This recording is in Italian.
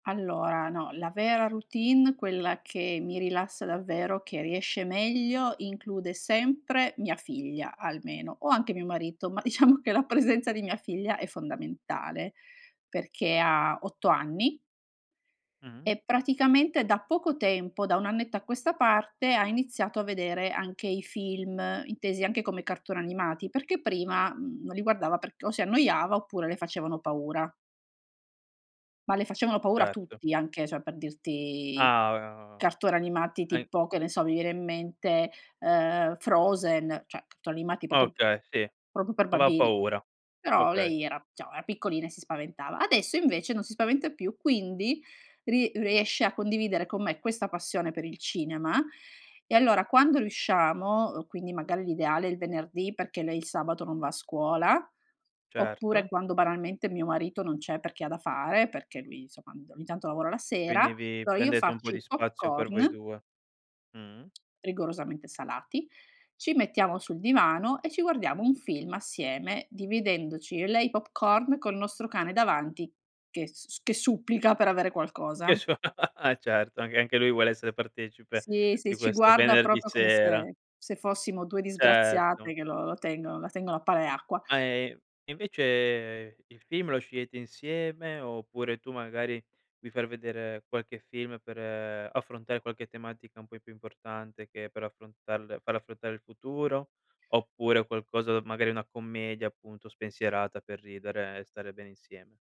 Allora, no. La vera routine, quella che mi rilassa davvero, che riesce meglio, include sempre mia figlia almeno, o anche mio marito, ma diciamo che la presenza di mia figlia è fondamentale, perché ha 8 anni Mh. e praticamente da poco tempo, da 1 annetto a questa parte, ha iniziato a vedere anche i film, intesi anche come cartoni animati, perché prima, mhmm, non li guardava perc o si annoiava oppure le facevano paura. Ma le facevano paura Certo. tutti, anche cioè per dirti, Ah, eh oh cartoni animati hai tipo, che ne so, mi viene in mente, ehm, Frozen, cioè cartoni animati popo p Okay sì, proprio per non ha bambini, paura. però Okay. lei era diciamo era piccolina e si spaventava. Adesso invece non si spaventa più, quindi ri riesce a condividere con me questa passione per il cinema e allora quando riusciamo quindi magari l'ideale è il venerdì perché lei il sabato non va a scuola, oppure Certo. quando banalmente mio marito non c'è perché ha da fare, perché lui, insomma, un do ogni tanto lavora la Quindi sera. vi Allora io prendete un po' faccio di i pop spazio per voi corn 2. Mh. rigorosamente salati, ci mettiamo sul divano e ci guardiamo un film assieme, dividendoci io e lei i popcorn col nostro cane davanti che s s che supplica per avere Che qualcosa. so e certo, anche anche lui vuole essere partecipe Sì, di sì, ci questo guarda venerdì proprio come sera. se se fossimo 2 Certo. disgraziate che lo tengono la tengono a pane e acqua. Ma, ehm, e invece, il film lo scegliete insieme, oppure tu, magari, vi far vedere qualche film per affrontare qualche tematica un poi più importante che per affrontarle farle affrontare il futuro, oppure o qualcosa magari una commedia, appunto, spensierata per ridere e stare bene insieme?